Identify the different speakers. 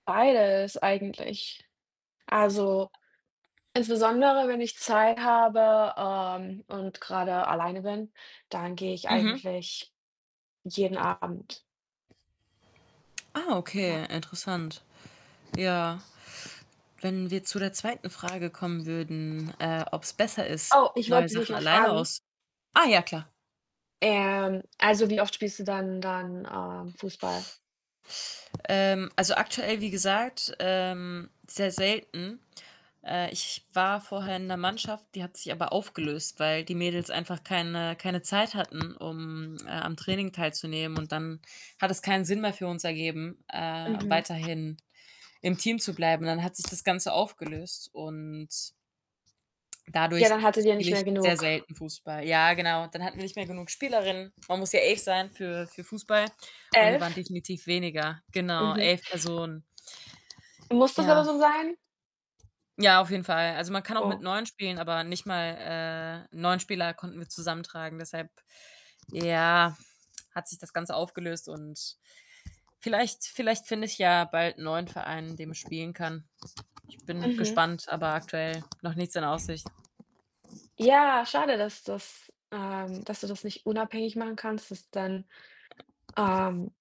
Speaker 1: Beides eigentlich. Also, insbesondere, wenn ich Zeit habe, ähm, und grade alleine bin, dann gehe ich
Speaker 2: Mhm.
Speaker 1: eigentlich jeden Abend.
Speaker 2: Ah,
Speaker 1: Ja.
Speaker 2: okay, interessant. Ja, wenn wir zu der 2. Frage kommen würden, äh, ob's besser ist,
Speaker 1: Oh, ich
Speaker 2: neue
Speaker 1: wollte dich
Speaker 2: Sachen
Speaker 1: noch
Speaker 2: alleine
Speaker 1: fragen
Speaker 2: aus ah ja, klar.
Speaker 1: ähm, also, wie oft spielst du dann dann, äh, Fußball?
Speaker 2: Ähm, also, aktuell, wie gesagt, ähm, sehr selten. Äh, ich war vorher in 'ner Mannschaft, die hat sich aber aufgelöst, weil die Mädels einfach keine keine Zeit hatten, um, äh, am Training teilzunehmen. Und dann hat es keinen Sinn mehr für uns ergeben, äh,
Speaker 1: Mhm.
Speaker 2: weiterhin im Team zu bleiben. Dann hat sich das Ganze aufgelöst und
Speaker 1: Ja,
Speaker 2: dadurch
Speaker 1: dann hattet ihr
Speaker 2: spiele
Speaker 1: nicht
Speaker 2: ich
Speaker 1: mehr
Speaker 2: sehr
Speaker 1: genug.
Speaker 2: selten Fußball. Ja, genau und dann hatten wir nicht mehr genug Spielerinnen. Man muss ja 11 sein für für Fußball und wir waren
Speaker 1: 11?
Speaker 2: definitiv weniger. Genau,
Speaker 1: Mhm.
Speaker 2: 11 Personen.
Speaker 1: Muss das aber
Speaker 2: Ja.
Speaker 1: so sein?
Speaker 2: Ja, auf jeden Fall. Also, man kann auch mit
Speaker 1: Oh.
Speaker 2: 9 spielen, aber nicht mal, äh, 9 Spieler konnten wir zusammentragen, deshalb, ja, hat sich das Ganze aufgelöst. Und vielleicht vielleicht finde ich ja bald 'n neuen Verein, in dem ich spielen kann. Ich bin
Speaker 1: Mhm.
Speaker 2: gespannt, aber aktuell noch nichts in Aussicht.
Speaker 1: Ja, schade, dass das ähm, dass du das nicht unabhängig machen kannst, dass dann, ähm